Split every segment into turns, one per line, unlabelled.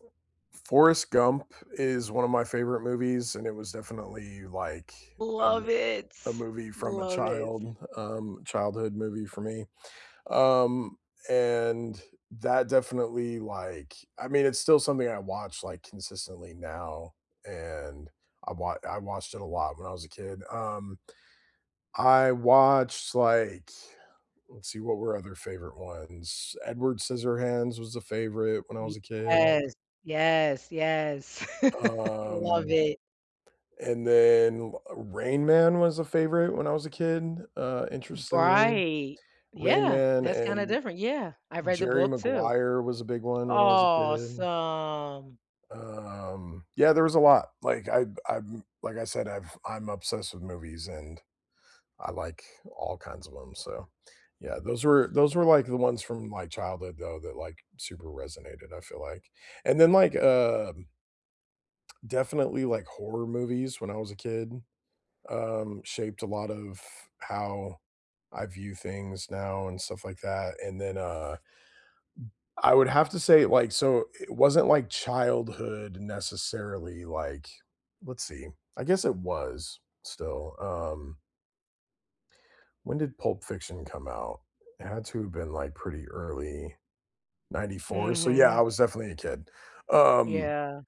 F Forrest Gump is one of my favorite movies, and it was definitely like a m
Love it,
a movie from a
love it.
child, um, childhood movie for me, um, and that definitely like, I mean it's still something I watch like consistently now, and I wa I watched it a lot when I was a kid, um I watched like, let's see what were other favorite ones. Edward Scissorhands was a favorite when I was a kid.
Yes, yes, yes, love
Um,
it.
and then, uh, Rain Man was a favorite when I was a kid, uh, interestingly,
Right,
Rain
yeah,
Man
that's kinda
and
different, yeah, I've read the
Jerry
book too.
Maguire was a big one when I was a kid.
Awesome.
Um, yeah, there was a lot, like I I'm like I said, I've I'm obsessed with movies and I like all kinds of 'em, so, yeah, those were those were like the ones from my childhood though, that like super resonated, I feel like. And then like um definitely like horror movies when I was a kid, um, shaped a lot of how I view things now and stuff like that, and then, uh, I would have to say like, so it wasn't like childhood necessarily, like, let's see, I guess it was still, um when did Pulp Fiction come out? It had to have been like pretty early, '94, so yeah, I
Mhm.
was definitely a kid. Um,
Yeah.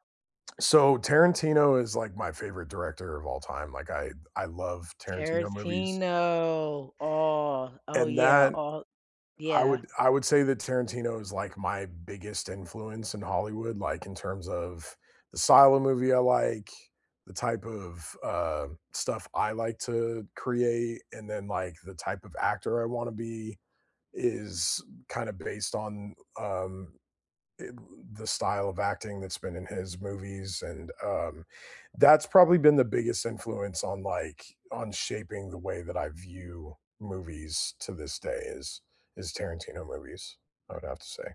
so Tarantino is like my favorite director of all time, like I I love Tarantino movies.
Tarantino, oh, oh,
And
yeah,
that
all
I
yeah.
would I would say that Tarantino is like my biggest influence in Hollywood, like in terms of the style of movie I like, the type of, uh, stuff I like to create, and then like the type of actor I wanna be is kind of based on, um, i the style of acting that's been in his movies and, um, that's probably been the biggest influence on, like, on shaping the way that I view movies to this day is is Tarantino movies, I would have to say.